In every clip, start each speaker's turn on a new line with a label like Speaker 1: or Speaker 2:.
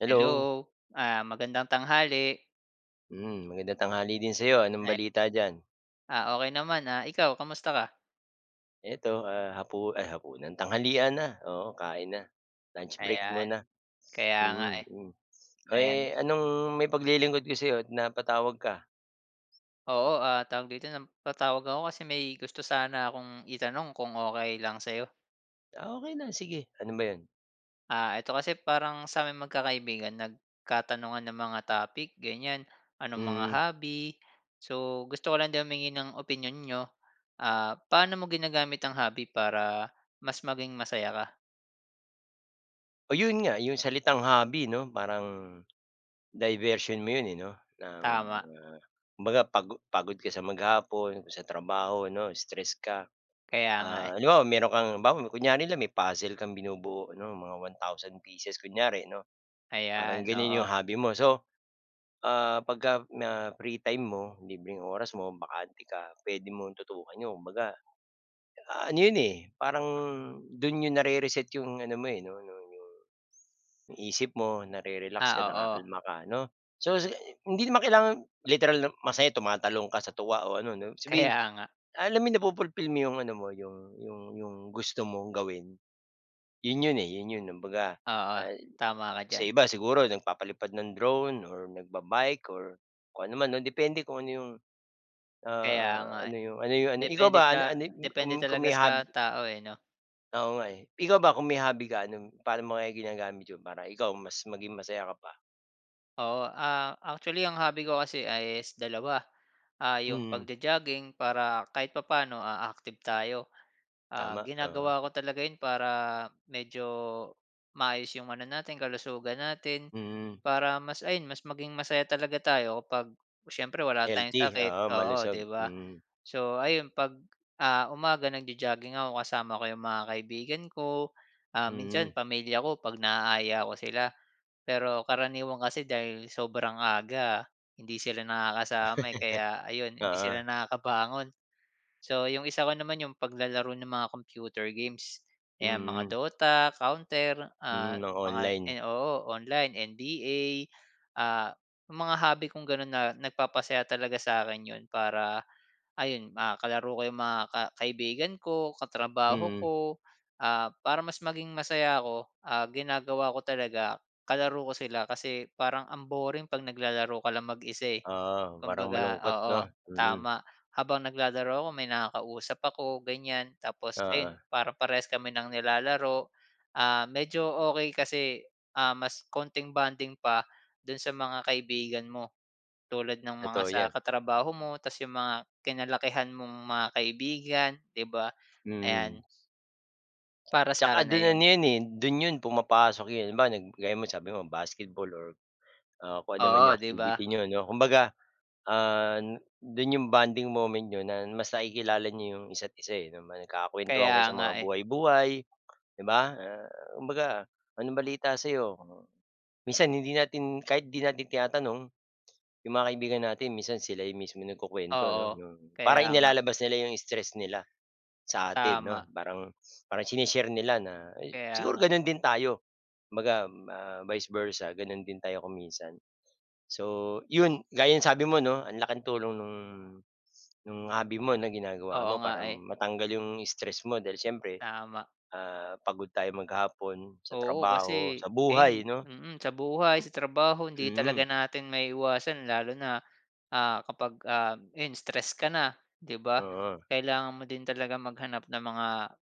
Speaker 1: Hello.
Speaker 2: Hello, ah, magandang tanghali.
Speaker 1: Hmm, magandang tanghali din sa 'yo anong
Speaker 2: [unintelligible]
Speaker 1: balita diyan?
Speaker 2: Ah, okey naman, ah, ikaw kumusta ka?
Speaker 1: Ito, ah, hapu ay, hapunan tanghalian na, oo kain na, lunch break
Speaker 2: Ayan,
Speaker 1: muna,
Speaker 2: kaya nga,
Speaker 1: mm,
Speaker 2: eh,
Speaker 1: hmm.
Speaker 2: ayan.
Speaker 1: Eh, anong mai paglilingkod ko sa 'yo at napatawag ka?
Speaker 2: Oo, ah, tawag dito na patawag ako kasi may gusto sana akong itanong kung okey lang sayo?
Speaker 1: Okey lang sige, ano ba 'yon?
Speaker 2: Ah, ito kasi parang saming magkakaibigan nagkatanungan ng mga topic ganyan, anong mga
Speaker 1: Hmm.
Speaker 2: hobby. So, gusto ko lang din humingi ng opinyon niyo, ah, paano mo ginagamit ang hobby para mas maging masaya ka?
Speaker 1: Oh, 'yon nga 'yong salitang hobby 'no, parang diversion mo 'yon, eh, 'no, ng,
Speaker 2: Tama.
Speaker 1: ah, kumbaga pago pagod ka sa maghapon o sa trabaho 'no, stress ka.
Speaker 2: Kaya nga, eh.
Speaker 1: Ah, halimbawa mayro'n kang halimbawa kunyari lang may puzzle kang binubuo 'no, mga 1,000 pieces kunyari 'no. Parang
Speaker 2: Ayan,
Speaker 1: gano'n 'yong
Speaker 2: oo.
Speaker 1: hobby mo. So, ah, pagka na free time mo, libreng oras mo, bakante ka puwede mong tutukan 'yon kumbaga, ano 'yon, eh, parang do'n niyo nare-reset 'yong ano mo, eh, 'no no no 'yong isip mo nare-relax ka
Speaker 2: Ah, oo.
Speaker 1: nakakalma ka 'no? So, sa hindi naman kailangan literal na masaya tumatalon ka sa tuwa o ano 'no, ibig sabihin
Speaker 2: Kaya nga.
Speaker 1: alam mo nafu-fulfill mo yung ano mo yung yung yung gusto mong gawin 'yon 'yon, eh. 'Yon 'yon kumbaga,
Speaker 2: Oo,
Speaker 1: ah,
Speaker 2: tama ka
Speaker 1: sa
Speaker 2: diyan
Speaker 1: iba siguro nagpapalipad ng drone or nagba-bike or kung anoman 'no, depende kung ano 'yong,
Speaker 2: Kaya
Speaker 1: ah,
Speaker 2: nga, eh,
Speaker 1: ano yung, ano yung, ano ikaw
Speaker 2: depende
Speaker 1: ba,
Speaker 2: ta
Speaker 1: an ano y yung kung
Speaker 2: depende
Speaker 1: kung
Speaker 2: talaga
Speaker 1: may hob
Speaker 2: sa tao, eh, 'no?
Speaker 1: Oo nga, eh. Ikaw ba, kung may hobby ka anong paano mo kaya ginagamit 'yon, para ikaw mas maging masaya ka pa?
Speaker 2: Oo, ah, actually, ang hobby ko kasi ay is dalawa. Ah, yung
Speaker 1: Mm.
Speaker 2: pagjo-jogging para kahit papaano, ah, active tayo. Ah,
Speaker 1: Tama, oo.
Speaker 2: ginagawa ko talaga yun para medyo maayos yung ano natin kalusugan natin
Speaker 1: Mm.
Speaker 2: para mas ayun mas maging masaya talaga tayo kapag siyempre wala tayong
Speaker 1: Healthy,
Speaker 2: sakit,
Speaker 1: oo
Speaker 2: oo,
Speaker 1: malusog,
Speaker 2: 'di ba?
Speaker 1: mm.
Speaker 2: So, ayun 'pag, ah, umaga, nagjo-jogging ako, kasama ko yung mga kaibigan ko, ah, minsan
Speaker 1: Mm.
Speaker 2: pamilya ko pag naaya ko sila, pero karaniwan kasi dahil sobrang aga hindi sila nakakasama, eh, kaya ayon hindi
Speaker 1: Oo.
Speaker 2: sila nakakabangon. So, yung isa ko naman yung paglalaro ng mga computer games, 'yan mga
Speaker 1: Mm.
Speaker 2: Dota, Counter, ah,
Speaker 1: Mm, na
Speaker 2: mga
Speaker 1: online.
Speaker 2: oo, online, NBA, ah, mga hobby kong ganon na nagpapasaya talaga sa'kin yun para, ayun, ah, kalaro ko yung mga ka kaibigan ko, katrabaho
Speaker 1: Mm.
Speaker 2: ko. Ah, para mas maging masaya ako, ah, ginagawa ko talaga kalaro ko sila kasi parang ang boring pag naglalaro ka lang mag-isa, eh.
Speaker 1: Oo, parang
Speaker 2: Kumbaga,
Speaker 1: malungkot
Speaker 2: oo,
Speaker 1: 'no, mm.
Speaker 2: tama. Habang naglalaro ako, may nakakausap ako ganyan tapos ayun
Speaker 1: Oo.
Speaker 2: parang parehas kami ng nilalaro, ah, medyo okey kasi, ah, mas konting bonding pa dun sa mga kaibigan mo, tulad ng mga
Speaker 1: Totoo
Speaker 2: sa
Speaker 1: 'yan.
Speaker 2: katrabaho mo tapos yung mga kinalakihan mong mga kaibigan 'di ba, ayan.
Speaker 1: Mm.
Speaker 2: Para
Speaker 1: Tsaka
Speaker 2: sa'kin,
Speaker 1: dun ano
Speaker 2: ayun.
Speaker 1: 'yan eh, do'n 'yon pumapasok 'yong iba gaya mo, sabi mo, basketball or ah, kung ano naman
Speaker 2: Oo,
Speaker 1: 'yong
Speaker 2: 'di ba?
Speaker 1: activity niyo, 'no. Kumbaga, ah, do'n 'yong bonding moment niyo na mas nakikilala niyo 'yong isa't isa eh, nama nagkakuwentuhan kayo
Speaker 2: Kaya
Speaker 1: sa
Speaker 2: nga,
Speaker 1: mga
Speaker 2: eh.
Speaker 1: buhay-buhay, di ba? Ah, kumbaga, "Anong balita sa'yo?" Oh, minsan hindi natin kahit 'di natin tinatanong, 'yong mga kaibigan natin, minsan sila yung mismo nagkukuwento, ano.
Speaker 2: Oo,
Speaker 1: Yung, para
Speaker 2: kaya nga.
Speaker 1: inilalabas nila 'yong stress nila, sa atin, 'no.
Speaker 2: Tama.
Speaker 1: Parang parang shine-share nila na s
Speaker 2: Kaya
Speaker 1: siguro
Speaker 2: nga.
Speaker 1: gano'n din tayo. Kumbaga ma vice versa, gano'n din tayo kung minsan. So 'yon, gaya ng sabi mo, 'no, ang laking tulong nung nung hobby mo na ginagawa
Speaker 2: Oo
Speaker 1: mo
Speaker 2: nga,
Speaker 1: para
Speaker 2: eh.
Speaker 1: matanggal 'yong stress mo, dahil siyempre,
Speaker 2: Tama.
Speaker 1: ah, pagod tayo maghapon sa
Speaker 2: Oo.
Speaker 1: trabaho,
Speaker 2: Kasi
Speaker 1: sa
Speaker 2: ayun,
Speaker 1: buhay, 'no.
Speaker 2: mm, sa buhay, sa trabaho, hindi talaga
Speaker 1: Mm.
Speaker 2: natin maiiwasan, lalo na, ah, kapag ah, ayan stress ka na, 'di ba?
Speaker 1: Oo.
Speaker 2: Kailangan mo din talaga maghanap ng mga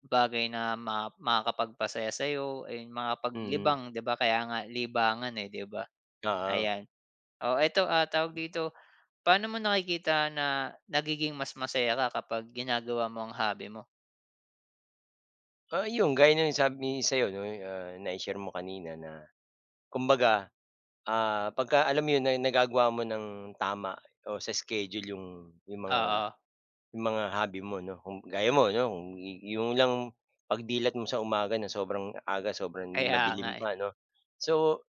Speaker 2: bagay na ma makakapagpasaya sa'yo, ayun,
Speaker 1: Mm.
Speaker 2: makapaglibang, 'di ba, kaya nga libangan eh, di ba?
Speaker 1: Oo.
Speaker 2: Ayan, o, eto ah, tawag dito, pa'no mo nakikita na nagiging mas masaya ka kapag ginagawa mo ang hobby mo?
Speaker 1: Oo, 'yong gaya ng sabi sa'yo 'di ba na i-share mo kanina na kumbaga, ah, pagka alam mo 'yon nagagawa mo ng tama o sa schedule 'yong, 'yong mga
Speaker 2: Oo.
Speaker 1: 'yong mga hobby mo 'no, kung gaya mo 'no, kung 'yong lang pag-dilat mo sa umaga, na sobrang aga sobrang
Speaker 2: Kaya nga,
Speaker 1: madilim
Speaker 2: eh.
Speaker 1: pa 'no. So,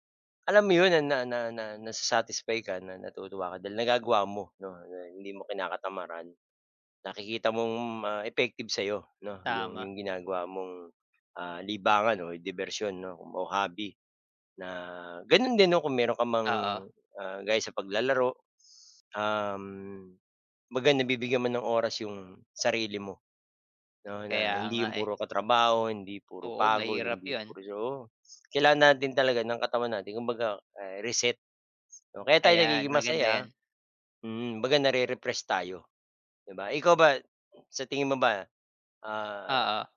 Speaker 1: alam mo 'yon, ah, na na na na nasa-satisfy ka na natutuwa ka dahil nagagawa mo 'no, hindi mo kinakatamaran. Nakikita mong ma effective sa'yo 'no, yung,
Speaker 2: Tama.
Speaker 1: yung ginagawa mong, ah, libangan o dibersyon o kumbaga hobby na gano'n din 'no, kung mayro'n ka mang,
Speaker 2: Oo.
Speaker 1: ah, gaya sa paglalaro, s um, kumbaga na bibigyan mo ng oras yung sarili mo 'no. Na
Speaker 2: Kaya
Speaker 1: hindi
Speaker 2: nga,
Speaker 1: yung
Speaker 2: eh.
Speaker 1: puro katrabaho, hindi puro
Speaker 2: Oo,
Speaker 1: pagod,
Speaker 2: mahirap
Speaker 1: hindi
Speaker 2: 'yon.
Speaker 1: puros oo. Kailangan natin talaga ng katawan natin kumbaga ay reset, oh, kaya tayo
Speaker 2: Ayan,
Speaker 1: nagiging
Speaker 2: maganda
Speaker 1: masaya
Speaker 2: yan.
Speaker 1: mm, 'baga nare-refresh tayo 'di ba? Eh, ikaw ba sa tingin mo ba, ah,
Speaker 2: Oo.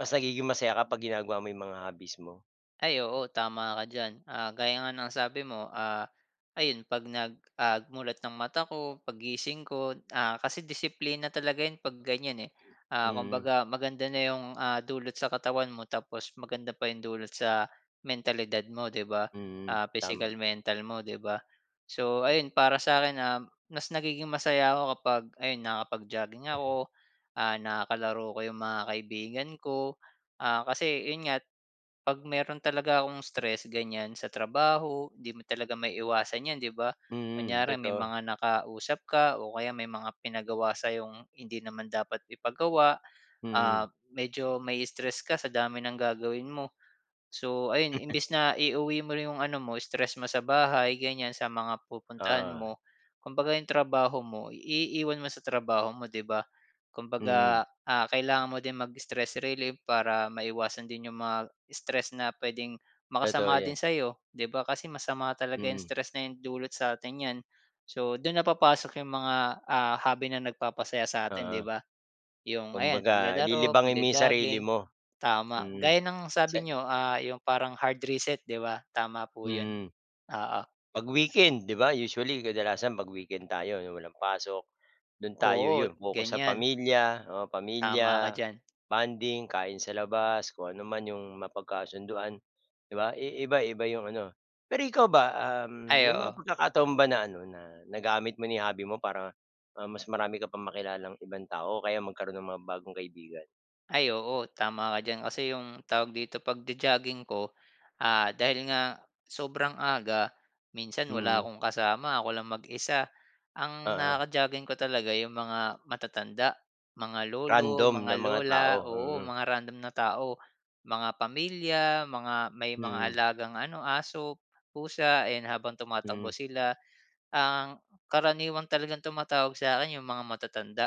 Speaker 1: mas nagiging masaya ka pag ginagawa mo 'yong mga hobbies mo?
Speaker 2: Ay oo, tama ka diyan. Ah, gaya nga ng sabi mo, ah, ayun 'pag nag, ah, mulat ng mata ko, paggising ko, ah, kasi disiplina talaga 'yon pag ganyan, eh. Ah,
Speaker 1: Mm.
Speaker 2: kumbaga maganda na 'yong, ah, dulot sa katawan mo tapos maganda pa yung dulot sa mentalidad mo 'di ba?
Speaker 1: Mm,
Speaker 2: Ah, physical,
Speaker 1: tama.
Speaker 2: mental mo 'di ba? So, ayun para sa'kin, um, mas nagiging masaya ako kapag ayun nakapag-jogging
Speaker 1: Eh.
Speaker 2: ako, ah nakalaro ko 'yong mga kaibigan ko, ah kasi 'yon nga, 'pag mayro'n talaga akong stress ganyan sa trabaho 'di mo talaga maiiwasan 'yan 'di ba,
Speaker 1: Mm,
Speaker 2: kunyari may
Speaker 1: totoo.
Speaker 2: mga nakausap ka o kaya may mga pinagawa sa'yong hindi naman dapat ipagawa,
Speaker 1: Mm.
Speaker 2: ah, medyo mai-stress ka sa dami ng gagawin mo. So, ayun imbis na iuwi mo yung ano mo stress mo sa bahay ganyan sa mga pupuntahan
Speaker 1: Oo.
Speaker 2: mo, kumbaga 'yong trabaho mo iiwan mo sa trabaho mo, 'di ba.
Speaker 1: Mm.
Speaker 2: Kumbaga, ah, kailangan mo din mag-stress relief para maiwasan din 'yong mga stress na puwedeng
Speaker 1: Totoo
Speaker 2: makasama din
Speaker 1: 'yan.
Speaker 2: sa'yo 'di ba? Kasi masama talaga 'yong
Speaker 1: Mm.
Speaker 2: stress na 'yon dulot sa'tin niyan. So, do'n na papasok 'yong mga, ah, hobby na nagpapasaya sa atin 'di
Speaker 1: Oo.
Speaker 2: ba? 'Yong ayan
Speaker 1: Kumbaga
Speaker 2: paglalaro,
Speaker 1: lilibangin mo yung sarili
Speaker 2: pagjo-jogging.
Speaker 1: mo.
Speaker 2: Tama.
Speaker 1: Mm,
Speaker 2: Gaya ng sabi
Speaker 1: sana.
Speaker 2: niyo, ah, 'yong parang hard reset 'di ba, tama po 'yon.
Speaker 1: Mm.
Speaker 2: Oo.
Speaker 1: 'Pag-weekend 'di ba, usually kadalasan 'pag-weekend tayo 'yong walang pasok, do'n tayo,
Speaker 2: Oo,
Speaker 1: 'yon pokus sa
Speaker 2: ganyan.
Speaker 1: pamily, oo
Speaker 2: Tama ka
Speaker 1: pamilya,
Speaker 2: diyan.
Speaker 1: bonding kain sa labas kung ano man 'yong mapagkasunduan 'di ba? I iba-iba 'yong ano pero ikaw ba, um,
Speaker 2: Ay,
Speaker 1: may mga
Speaker 2: oo.
Speaker 1: pagkakataon ba na ano na nagamit mo na 'yong hobby mo para, ah, mas marami ka pang makilalang ibang tao o kaya magkaroon ng mga bagong kaibigan?
Speaker 2: Ay, oo tama ka diyan kasi yung tawag dito pag-jo-jogging ko, ah, dahil nga sobrang aga minsan wala
Speaker 1: Mhm.
Speaker 2: akong kasama ako lang mag-isa. Ang
Speaker 1: Oo.
Speaker 2: naka-jogging ko talaga yung mga matatanda mga lolo,
Speaker 1: Random
Speaker 2: mga
Speaker 1: na mga
Speaker 2: lola,
Speaker 1: tao,
Speaker 2: oo
Speaker 1: mhm.
Speaker 2: mga random na tao, mga pamilya mga may mga
Speaker 1: Mhm.
Speaker 2: alagang ano, aso, pusa yan habang
Speaker 1: Mhm.
Speaker 2: tumatakbo sila. Ang karaniwang talagang tumatawag sa akin yung mga matatanda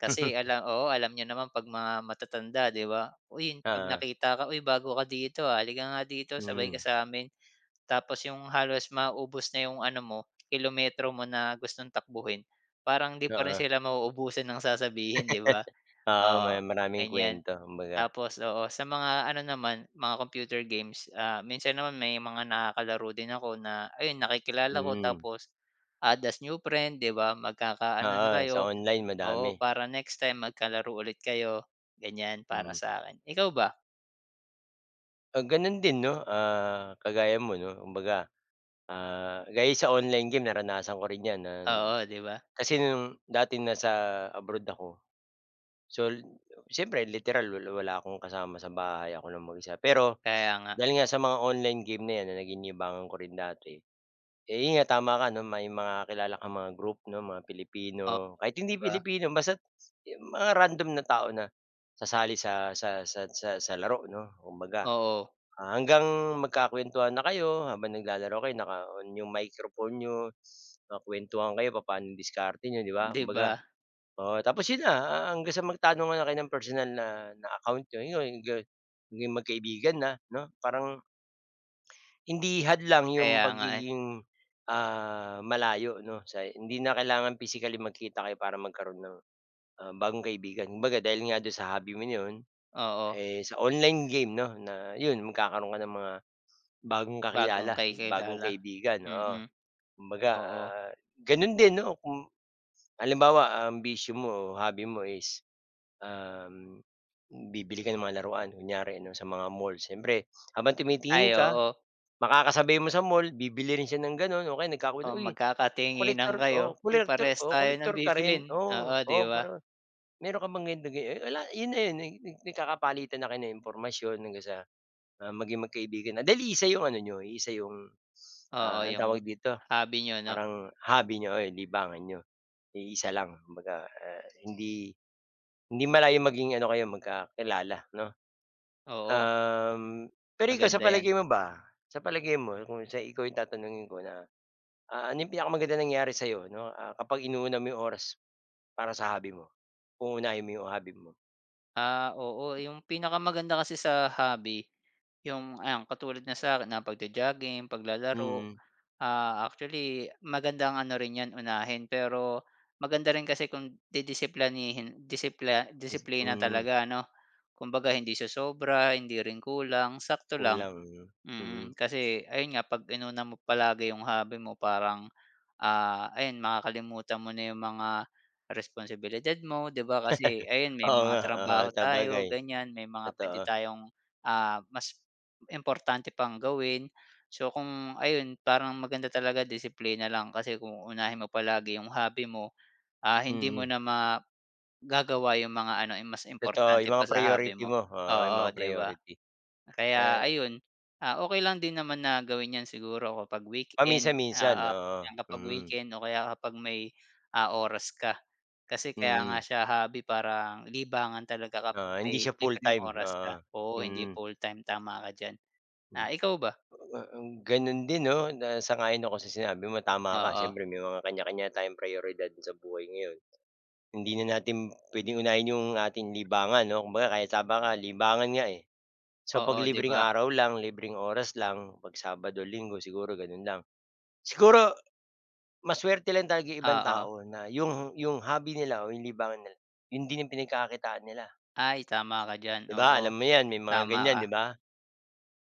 Speaker 2: kasi ala oo alam niyo naman pag mga matatanda di ba? Uy, pag
Speaker 1: Oo.
Speaker 2: nakita ka, "uy bago ka dito, ah, halika nga dito sabay ka
Speaker 1: Mhm.
Speaker 2: samin." Tapos yung halos maubos na yung ano mo kilometro mo na gustong takbuhin parang hindi pa rin
Speaker 1: Oo.
Speaker 2: sila mauubusan ng sasabihin di ba,
Speaker 1: Oo, may
Speaker 2: oo
Speaker 1: maraming
Speaker 2: ganyan.
Speaker 1: kuwento kumbaga.
Speaker 2: Tapos, oo sa mga ano naman mga computer games, ah, minsan naman may mga nakakalaro din ako na ayun nakikilala ko
Speaker 1: Hmm.
Speaker 2: tapos, add as new friend di ba, magkakaano na
Speaker 1: Oo, sa
Speaker 2: kayo,
Speaker 1: online
Speaker 2: oo
Speaker 1: madami.
Speaker 2: para next time magkalaro ulit kayo ganyan para
Speaker 1: Hmm.
Speaker 2: sakin, ikaw ba?
Speaker 1: Ah, gano'n din, 'no, ah, kagaya mo, 'no. Kumbaga, ah, gaya sa online game, naranasan ko rin 'yan,
Speaker 2: Oo, 'di ba?
Speaker 1: kasi dati nasa abroad ako. So siyempre, literal wal wala akong kasama sa bahay, ako lang mag-isa, pero
Speaker 2: Kaya nga.
Speaker 1: dahil nga sa mga online game na 'yan na naging libangan ko rin dati, eh 'yun nga, tama ka, may mga kilala kang mga group, 'no, mga
Speaker 2: Oo,
Speaker 1: Pilipino, kahit
Speaker 2: 'di
Speaker 1: hindi
Speaker 2: ba.
Speaker 1: Pilipino, basta't yung mga random na tao na sasali sa sa sa sa sa laro, 'no. Kumbaga,
Speaker 2: Oo.
Speaker 1: hanggang magkakuwentuhan na kayo, habang naglalaro kayo, naka-on yung microphone n'yo, nakakuwentuhan kayo papa'no diskarte n'yo, 'di ba?
Speaker 2: 'Di
Speaker 1: Kumbaga,
Speaker 2: ba.
Speaker 1: oo, tapos yun na, ah, hanggang sa magtanong nga kayo ng personal na na account n'yo, yung ga naging magkaibigan na 'no parang hindi hadlang 'yung
Speaker 2: Kaya nga eh.
Speaker 1: pagiging, ah, malayo, 'no? Hindi na kailangan physically magkita kayo para magkaro'n ng, ah, bagong kaibigan. Kumbaga, dahil nga do'n sa hobby mo na 'yon,
Speaker 2: Oo.
Speaker 1: eh sa online game 'no na 'yon magkakaro'n ka ng mga bagong
Speaker 2: Bagong
Speaker 1: kakilala,
Speaker 2: kay
Speaker 1: bagong
Speaker 2: kilala.
Speaker 1: kaibigan, oo.
Speaker 2: Mm.
Speaker 1: Kumbaga
Speaker 2: Oo.
Speaker 1: ah, gano'n din 'no kung, halimbawa ang bisyo mo, hobby mo, is, um, bibili ka ng mga laruan, kunyari, 'no, sa mga mall, siyempre habang
Speaker 2: Ay,
Speaker 1: tumitingin ka
Speaker 2: oo.
Speaker 1: makakasabay mo sa mall, bibili rin siya ng gano'n o kaya nagkakwen
Speaker 2: Oh,
Speaker 1: "Uy,
Speaker 2: magkakatinginan
Speaker 1: collector,
Speaker 2: kayo,
Speaker 1: o
Speaker 2: "Uy,
Speaker 1: collector
Speaker 2: parehas
Speaker 1: o
Speaker 2: tayo ng
Speaker 1: collector ka
Speaker 2: bibilhin."
Speaker 1: rin? Oo,
Speaker 2: Oo, 'di
Speaker 1: oo,
Speaker 2: ba?
Speaker 1: parang meron ka bang, [unintelligible] wala," 'yon na 'yon, na nag nag nagkakapalitan na kayo ng impormasyon hanggang sa, ah, maging magkaibigan dahil iisa 'yung ano n'yo, iisa 'yung,
Speaker 2: Oo,
Speaker 1: ah, anong
Speaker 2: 'yung
Speaker 1: tawag dito,
Speaker 2: hobby niyo, 'no?
Speaker 1: parang hobby n'yo, o libangan n'yo, iisa lang kumbaga. Hindi malayong maging ano kayo, magkakilala, 'no.
Speaker 2: Oo.
Speaker 1: Uhm. Pero ikaw, sa
Speaker 2: Maganda 'yan.
Speaker 1: palagay mo ba, sa palagay mo, kung sa ikaw 'yung tatanungin ko na, ah, ano 'yung pinakamagandang nangyari sa'yo, 'no, kapag inuuna mo 'yung oras para sa hobby mo, uunahin mo 'yung hobby mo?
Speaker 2: Ah, oo. Yung pinakamaganda kasi sa hobby, yung ayan, katulad ng sa'kin, ah, pag-jo-jogging, paglalaro.
Speaker 1: Mm.
Speaker 2: Ah, actually magandang ano rin yan unahin, pero maganda rin kasi kung didisiplanihin disipla
Speaker 1: Dis
Speaker 2: disiplina
Speaker 1: mm.
Speaker 2: talaga, ano? Kumbaga hindi siya sobra, hindi rin kulang, sakto lang.
Speaker 1: Kulang, mm.
Speaker 2: Mm,
Speaker 1: Mm.
Speaker 2: kasi ayun nga, pag inuna mo palagi yung hobby mo, parang ah, ayun makakalimutan mo na yung mga, responsibilidad mo, di ba, kasi ayun, may
Speaker 1: Oo nga,
Speaker 2: mga
Speaker 1: oo,
Speaker 2: trabaho tayo
Speaker 1: sabagay.
Speaker 2: ganyan. May mga puwede
Speaker 1: Totoo.
Speaker 2: tayong ah, mas importante pang gawin. So kung ayun, parang maganda talaga disiplina lang, kasi kung unahin mo palagi yung hobby mo ah, hindi mo
Speaker 1: Mm.
Speaker 2: na magagawa yung mga ano, eh, mas
Speaker 1: Totoo. Yung
Speaker 2: importante pa
Speaker 1: mga
Speaker 2: sa hobby
Speaker 1: priority
Speaker 2: mo.
Speaker 1: mo, oo, yung mga
Speaker 2: Oo, di ba?
Speaker 1: priority.
Speaker 2: Kaya
Speaker 1: Eh.
Speaker 2: ayun, ah, okey lang din naman na gawin yan siguro kapag weekend,
Speaker 1: Paminsan-minsan.
Speaker 2: oo,
Speaker 1: Oo,
Speaker 2: kapag
Speaker 1: mm.
Speaker 2: weekend o kaya kapag may ah, oras ka. Kasi kaya nga
Speaker 1: Mm.
Speaker 2: siya hobby parang libangan talaga kapag
Speaker 1: Oo, hindi
Speaker 2: may
Speaker 1: siya full
Speaker 2: libreng
Speaker 1: time.
Speaker 2: oras ka.
Speaker 1: Oo,
Speaker 2: Oo, hindi
Speaker 1: mm.
Speaker 2: fulltime, tama ka diyan. Ah, ikaw ba?
Speaker 1: Ah, mm. Gano'n din 'no, na sang-ayon ako sa sinabi mo, tama ka.
Speaker 2: Oo.
Speaker 1: Siyempre may mga kanya-kanya tayong prayoridad sa buhay ngayon. Hindi na natin puwedeng unahin yung ating libangan, 'no, kumbaga kahit tama ka libangan nga, eh. So pag
Speaker 2: Oo, di
Speaker 1: libreng
Speaker 2: ba?
Speaker 1: araw lang, libreng oras lang, 'pag Sabado Linggo siguro ganun lang. Siguro mas swerte lang talaga yung ibang
Speaker 2: Oo.
Speaker 1: tao na 'yong yung hobby nila o 'yong libangan nila, 'yun din yung pinagkakakitaan nila.
Speaker 2: Ay tama ka diyan.
Speaker 1: 'Di ba, alam
Speaker 2: Oo,
Speaker 1: mo 'yan, may mga
Speaker 2: tama
Speaker 1: ganyan, 'di
Speaker 2: ka.
Speaker 1: ba?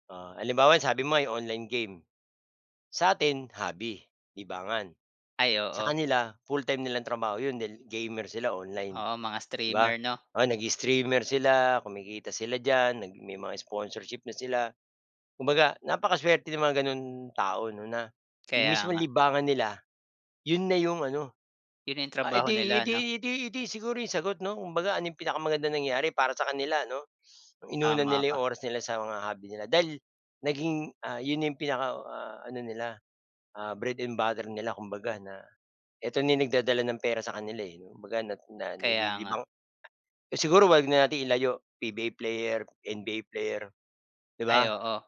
Speaker 1: Oh, halimbawa yung sabi mo 'yong online game. Sa'tin hobby, libangan,
Speaker 2: Ay,
Speaker 1: sa
Speaker 2: oo.
Speaker 1: kanila full-time nilang trabaho 'yon dahil gamer sila online,
Speaker 2: Oo, mga
Speaker 1: di ba?
Speaker 2: streamer, 'no?
Speaker 1: Oo, nag-i-streamer sila, kumikita sila diyan, nag may mga sponsorship na sila. Kumbaga napakasuwerte ng mga gano'n tao 'no, na yung
Speaker 2: Kaya
Speaker 1: mismong
Speaker 2: nga.
Speaker 1: libangan nila, yun na yung ano
Speaker 2: Yun na yung
Speaker 1: ah eh
Speaker 2: trabaho
Speaker 1: di eh
Speaker 2: nila, 'no?
Speaker 1: di eh di eh di siguro 'yong sagot 'no, kumbaga ano, 'yong pinakamagandang nangyari para sa kanila ano? Inuna
Speaker 2: Tama
Speaker 1: nila
Speaker 2: ka.
Speaker 1: 'yong oras nila sa mga hobby nila, dahil naging ah, yun na yung pinaka ah, ano nila ah, bread and butter nila kumbaga na, eto na yung nagdadala ng pera sa kanila e, 'no, kumbaga na na
Speaker 2: Kaya nga.
Speaker 1: nalilibang. Eh siguro 'wag na natin ilayo, PBA player NBA player, di
Speaker 2: Ay,
Speaker 1: ba?
Speaker 2: oo.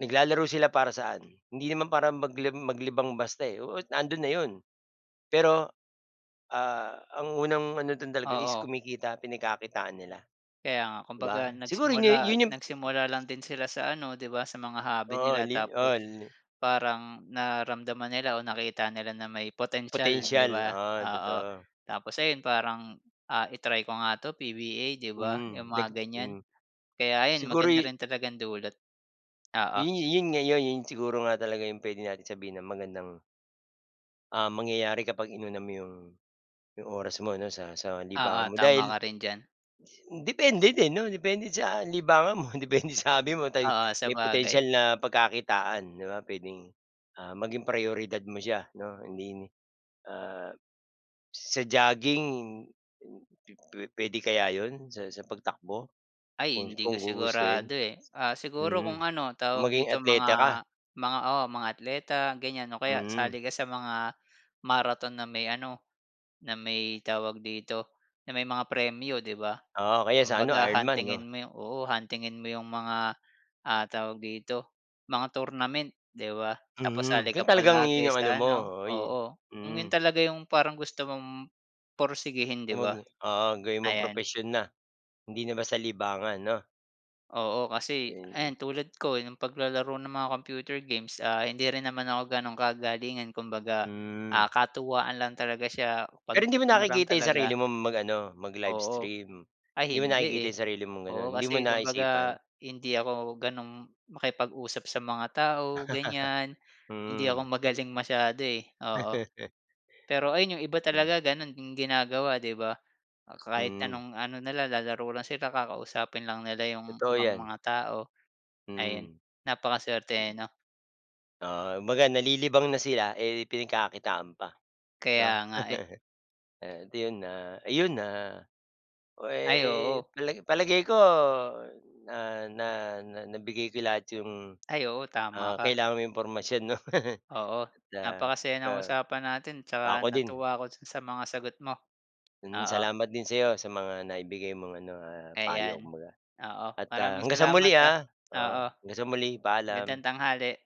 Speaker 1: Naglalaro sila, para saan? Hindi naman para magli maglibang basta, eh, oo nandun na yun. Pero ah, ang unang ano dun talaga is
Speaker 2: Oo.
Speaker 1: kumikita, pinagkakitaan nila,
Speaker 2: Kaya nga,
Speaker 1: di
Speaker 2: kumbaga
Speaker 1: ba? Siguro,
Speaker 2: nagsimula
Speaker 1: yu yun yung
Speaker 2: nagsimula lang din sila sa ano, di ba? Sa mga hobby
Speaker 1: Oo,
Speaker 2: nila,
Speaker 1: li
Speaker 2: tapos
Speaker 1: oo, li.
Speaker 2: parang nararamdaman nila o nakita nila na may potensyal, di
Speaker 1: Potential,
Speaker 2: ba,
Speaker 1: oo,
Speaker 2: oo.
Speaker 1: totoo.
Speaker 2: Tapos ayun, parang ah, i-try ko nga to PBA di ba,
Speaker 1: Mm.
Speaker 2: yung
Speaker 1: Nag
Speaker 2: mga ganyan.
Speaker 1: hmm.
Speaker 2: Kaya ayun, maganda
Speaker 1: Siguro'y
Speaker 2: rin talagang dulot. Oo.
Speaker 1: Yun -yun nga, yo'y yon siguro nga talaga yung puwede nating sabihin na magandang Um, mangyayari kapag inuna mo 'yung, 'yung oras mo 'no sa sa
Speaker 2: Oo
Speaker 1: libangan mo
Speaker 2: tama
Speaker 1: dahil,
Speaker 2: ka
Speaker 1: s
Speaker 2: rin diyan.
Speaker 1: depende din 'no, depende sa libangan mo depende sa hobby mo tay
Speaker 2: Oo,
Speaker 1: may
Speaker 2: sabagay.
Speaker 1: potensyal na pagkakitaan 'di ba? Puwedeng, ah, maging prayoridad mo siya 'no. Hindi, ah, sa jogging pu puwede kaya 'yon sa sa pagtakbo
Speaker 2: Ay,
Speaker 1: kung
Speaker 2: hindi ko
Speaker 1: kung gugustuhin?
Speaker 2: sigurado, eh. Ah, siguro
Speaker 1: Mhm,
Speaker 2: kung ano tawag
Speaker 1: maging
Speaker 2: dito
Speaker 1: atleta ka.
Speaker 2: mga, mga, oo mga atleta ganyan o kaya
Speaker 1: Mhm.
Speaker 2: sali ka sa mga marathon na may ano, na may tawag dito na may mga premyo, 'di ba.
Speaker 1: Oo, kaya sa ano
Speaker 2: Kumbaga
Speaker 1: Iron Man
Speaker 2: huntingin
Speaker 1: 'no?
Speaker 2: mo yung oo, huntingin mo yung mga, ah, tawag dito mga tournament, 'di ba. Tapos
Speaker 1: Mhm,
Speaker 2: sali ka
Speaker 1: kung talagang
Speaker 2: palagi
Speaker 1: 'yun 'yong ano
Speaker 2: sa
Speaker 1: mo,
Speaker 2: ano
Speaker 1: ho oy,
Speaker 2: oo. Kung 'yon
Speaker 1: mm.
Speaker 2: talaga yung parang gusto mong porsigihin, 'di
Speaker 1: Umag
Speaker 2: ba?
Speaker 1: 'no oo, gawin mong
Speaker 2: Ayan.
Speaker 1: propesyon na. Hindi na basta libangan 'no?
Speaker 2: Oo kasi, ayan tulad ko nung paglalaro ng mga computer games. Ah, hindi rin naman ako gano'n kagalingan kumbaga,
Speaker 1: Hmm.
Speaker 2: ah, katuwaan lang talaga siya pag
Speaker 1: Pero hindi mo
Speaker 2: ano lang
Speaker 1: nakikita yung sarili
Speaker 2: talaga
Speaker 1: mong mag-ano mag
Speaker 2: Oo.
Speaker 1: livestream? Hindi
Speaker 2: Ay
Speaker 1: mo
Speaker 2: hindi,
Speaker 1: nakikita
Speaker 2: eh.
Speaker 1: yung sarili mong gano'n?
Speaker 2: Oo,
Speaker 1: Hindi mo
Speaker 2: kasi
Speaker 1: naisipan?
Speaker 2: kumbaga hindi ako ganong makipag-usap sa mga tao ganyan. Hindi ako
Speaker 1: Hmm.
Speaker 2: magaling masyado, eh, oo. Pero ayun yung iba talaga gano'n yung ginagawa, 'di ba? Kahit
Speaker 1: Mhm.
Speaker 2: anong ano nila lalaro lang sila, kakausapin lang nila yung
Speaker 1: Totoo
Speaker 2: ibang
Speaker 1: yan.
Speaker 2: mga tao ayun.
Speaker 1: Hmm.
Speaker 2: Napakasuwerte, eh, no?
Speaker 1: Ah, kumbaga nalilibang na sila, eh, pinagkakakitaan pa, 'no?
Speaker 2: Kaya nga, eh.
Speaker 1: At ayun, ah, ayun, ah, puwe
Speaker 2: Ay, oo.
Speaker 1: pala palagay ko na na na nabigay ko lahat 'yong,
Speaker 2: Ay, oo tama
Speaker 1: ah,
Speaker 2: ka.
Speaker 1: kailangan mo impormasyon 'no.
Speaker 2: Oo,
Speaker 1: At ah
Speaker 2: napakasaya ng
Speaker 1: pa
Speaker 2: usapan natin 'tsaka
Speaker 1: ako din.
Speaker 2: natuwa ako sa mga sagot mo,
Speaker 1: Hmm,
Speaker 2: oo.
Speaker 1: salamat din sa 'yo sa mga naibigay mong ano, ah, payo
Speaker 2: Ayan,
Speaker 1: kumbaga.
Speaker 2: oo,
Speaker 1: At, ah,
Speaker 2: maraming
Speaker 1: hanggang sa muli,
Speaker 2: salamat, ah.
Speaker 1: ah.
Speaker 2: Oo.
Speaker 1: Oo, hanggang sa muli
Speaker 2: Gandang
Speaker 1: ,paalam.
Speaker 2: tanghali.